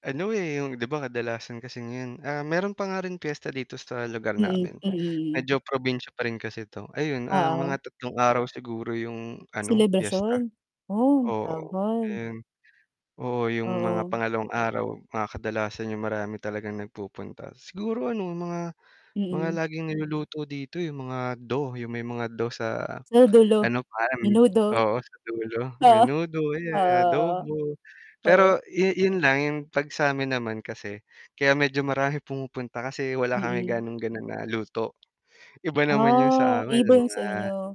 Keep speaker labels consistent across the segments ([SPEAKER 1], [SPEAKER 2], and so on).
[SPEAKER 1] Ano eh, yung, di ba, kadalasan kasi ngayon, ah, meron pa nga rin piyesta dito sa lugar
[SPEAKER 2] Mm,
[SPEAKER 1] namin,
[SPEAKER 2] mm, mm.
[SPEAKER 1] medyo probinsya pa rin kasi ito ayun, ah, mga
[SPEAKER 2] Oo.
[SPEAKER 1] 3 araw siguro yung ano, piyesta.
[SPEAKER 2] Selebrasyon, oh,
[SPEAKER 1] Oo
[SPEAKER 2] tagal.
[SPEAKER 1] yun. Oo yung mga
[SPEAKER 2] Oo.
[SPEAKER 1] pangalawang araw, ah, kadalasan yung marami talagang nagpupunta. Siguro ano mga mga
[SPEAKER 2] Mm.
[SPEAKER 1] laging niluluto dito yung mga do, yung may mga do sa
[SPEAKER 2] Dulo,
[SPEAKER 1] ano parang,
[SPEAKER 2] menudo.
[SPEAKER 1] oo, sa dulo
[SPEAKER 2] Oo,
[SPEAKER 1] menudo, ayan,
[SPEAKER 2] oo,
[SPEAKER 1] adobo.
[SPEAKER 2] oo, oo.
[SPEAKER 1] Pero yu yun lang yung 'pag sa'min naman kasi kaya medyo maraming pumupunta kasi wala kami
[SPEAKER 2] Mm.
[SPEAKER 1] gaanong gano'n na luto. Iba naman yung sa
[SPEAKER 2] Ah,
[SPEAKER 1] amin,
[SPEAKER 2] iba
[SPEAKER 1] may
[SPEAKER 2] yung
[SPEAKER 1] mga
[SPEAKER 2] sa inyo.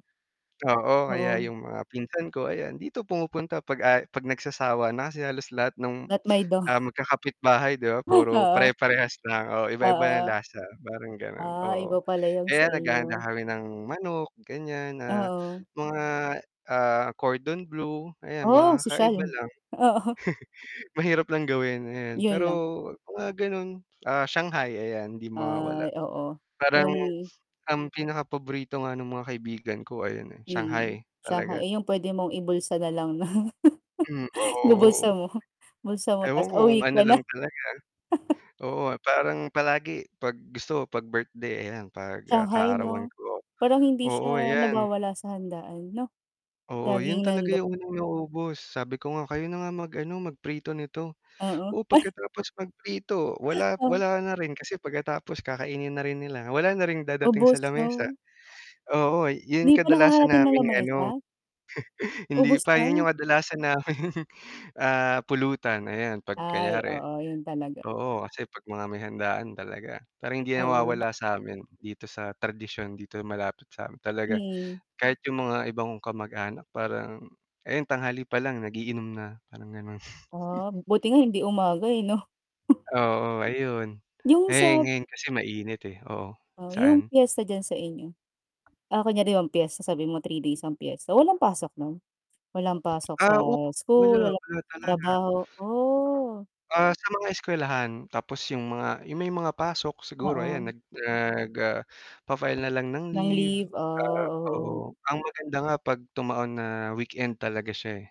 [SPEAKER 1] oo, kaya
[SPEAKER 2] Oo.
[SPEAKER 1] yung mga pinsan ko ayan, dito pumupunta 'pag aya 'pag nagsasawa na kasi halos lahat nung,
[SPEAKER 2] Lahat may do.
[SPEAKER 1] ah, magkakapitbahay, di ba,
[SPEAKER 2] Ah,
[SPEAKER 1] puro
[SPEAKER 2] oo.
[SPEAKER 1] pare-parehas lang, oo,
[SPEAKER 2] Ah,
[SPEAKER 1] iba-iba yung
[SPEAKER 2] oo.
[SPEAKER 1] lasa parang ganon,
[SPEAKER 2] Ah,
[SPEAKER 1] oo,
[SPEAKER 2] iba pala yung sa
[SPEAKER 1] kaya naghahanda
[SPEAKER 2] inyo.
[SPEAKER 1] kami ng manok ganyan, ah,
[SPEAKER 2] Oo.
[SPEAKER 1] mga, ah, cordon blue ayan,
[SPEAKER 2] Oh, ang
[SPEAKER 1] mga kakaiba
[SPEAKER 2] sosyal.
[SPEAKER 1] lang.
[SPEAKER 2] Oo.
[SPEAKER 1] Mahirap lang gawin, ayan
[SPEAKER 2] Yun
[SPEAKER 1] pero
[SPEAKER 2] lang.
[SPEAKER 1] mga ganun, ah, shanghai ayan di
[SPEAKER 2] Ay,
[SPEAKER 1] mawawala.
[SPEAKER 2] oo,
[SPEAKER 1] Parang
[SPEAKER 2] yung
[SPEAKER 1] ang pinakapaborito nga nung mga kaibigan ko ayun eh,
[SPEAKER 2] Mm,
[SPEAKER 1] shanghai
[SPEAKER 2] tsaka
[SPEAKER 1] talaga.
[SPEAKER 2] eh, yung pwede mong ibulsa nalang 'no?
[SPEAKER 1] Hmm,
[SPEAKER 2] Ibubulsa
[SPEAKER 1] oo.
[SPEAKER 2] mo, bulsa mo
[SPEAKER 1] Ewan
[SPEAKER 2] tapos
[SPEAKER 1] ko kung
[SPEAKER 2] uuwi
[SPEAKER 1] ano
[SPEAKER 2] ka na.
[SPEAKER 1] lang talaga, oo, parang palagi 'pag gusto 'pag birthday, ayan, 'pag, ah,
[SPEAKER 2] Shanghai
[SPEAKER 1] kaarawan
[SPEAKER 2] 'no?
[SPEAKER 1] ko,
[SPEAKER 2] Parang hindi
[SPEAKER 1] oo
[SPEAKER 2] siya
[SPEAKER 1] ayan.
[SPEAKER 2] nawawala sa handaan 'no?
[SPEAKER 1] Oo, yun
[SPEAKER 2] Laging
[SPEAKER 1] talaga
[SPEAKER 2] nando'n.
[SPEAKER 1] yung unang naubos. Sabi ko nga kayo na nga mag-ano mag prito nito.
[SPEAKER 2] Oo,
[SPEAKER 1] Oh,
[SPEAKER 2] ay
[SPEAKER 1] pagkatapos magprito wala
[SPEAKER 2] Oh.
[SPEAKER 1] wala na rin kasi pagkatapos kakainin na rin nila, wala na rin dadating sa
[SPEAKER 2] Ubos
[SPEAKER 1] lamesa.
[SPEAKER 2] 'no.
[SPEAKER 1] Oo, yun
[SPEAKER 2] Hindi pa
[SPEAKER 1] kadalasan
[SPEAKER 2] nakakarating ng
[SPEAKER 1] naming ano
[SPEAKER 2] lamesa.
[SPEAKER 1] Hindi
[SPEAKER 2] Ubos
[SPEAKER 1] pa yun yung
[SPEAKER 2] lang.
[SPEAKER 1] kadalasan naming, ah, pulutan ayan, 'pag
[SPEAKER 2] Ay
[SPEAKER 1] kunyari
[SPEAKER 2] oo, yun talaga.
[SPEAKER 1] oo, kasi 'pag mga may handaan talaga parang hindi
[SPEAKER 2] Oo.
[SPEAKER 1] nawawala sa'min dito sa tradisyon dito malapit sa'min talaga,
[SPEAKER 2] Mm.
[SPEAKER 1] kahit yung mga ibang kong kamag-anak parang ayan, tanghali pa lang nag-iinom na, parang ganun.
[SPEAKER 2] Ah, buti nga hindi umaga eh, 'no?
[SPEAKER 1] Oo ayun,
[SPEAKER 2] Yung
[SPEAKER 1] eh,
[SPEAKER 2] sa
[SPEAKER 1] ngayon kasi mainit eh, oo,
[SPEAKER 2] Yung
[SPEAKER 1] saan.
[SPEAKER 2] piyesta diyan sa inyo, ah, kunyari di ba ang piyesta sabihin mo 3 days ang piyesta walang pasok non? walang pasok sa
[SPEAKER 1] Ah, oo, wala,
[SPEAKER 2] school walang
[SPEAKER 1] wala
[SPEAKER 2] [unintelligible]
[SPEAKER 1] talaga.
[SPEAKER 2] trabaho? Oh.
[SPEAKER 1] Ah, sa mga eskuwelahan tapos yung mga yung may mga pasok siguro ayan
[SPEAKER 2] Oo.
[SPEAKER 1] nag nag, ah, fa-file nalang ng
[SPEAKER 2] Ng
[SPEAKER 1] leave,
[SPEAKER 2] leave ah,
[SPEAKER 1] ah,
[SPEAKER 2] oo.
[SPEAKER 1] oo, ang maganda nga 'pag tumaon na weekend talaga siya eh,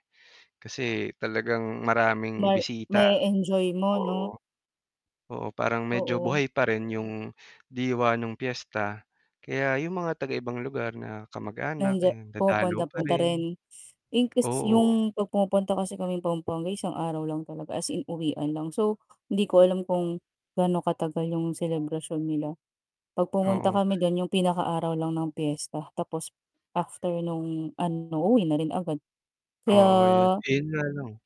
[SPEAKER 1] kasi talagang
[SPEAKER 2] Ma
[SPEAKER 1] maraming bisita,
[SPEAKER 2] ma-e-enjoy mo 'no?
[SPEAKER 1] oo. Oo, parang medyo
[SPEAKER 2] Oo.
[SPEAKER 1] buhay pa rin yung diwa nung piyesta, kaya yung mga taga ibang lugar na kamag-anak
[SPEAKER 2] Nandiya
[SPEAKER 1] eh, dadalaw pa
[SPEAKER 2] pumupunta-punta
[SPEAKER 1] rin.
[SPEAKER 2] rin, in case
[SPEAKER 1] Oo.
[SPEAKER 2] yung 'pag pumupunta kasi kaming Pampanga isang araw lang talaga as in uwian lang so, hindi ko alam kung gaano katagal yung selebrasyon nila. 'Pag pumunta
[SPEAKER 1] Oo.
[SPEAKER 2] kami dun yung pinakaaraw lang ng piyesta tapos after nung ano uuwi na rin agad
[SPEAKER 1] Oo yun,
[SPEAKER 2] kaya
[SPEAKER 1] eh, yun nga lang.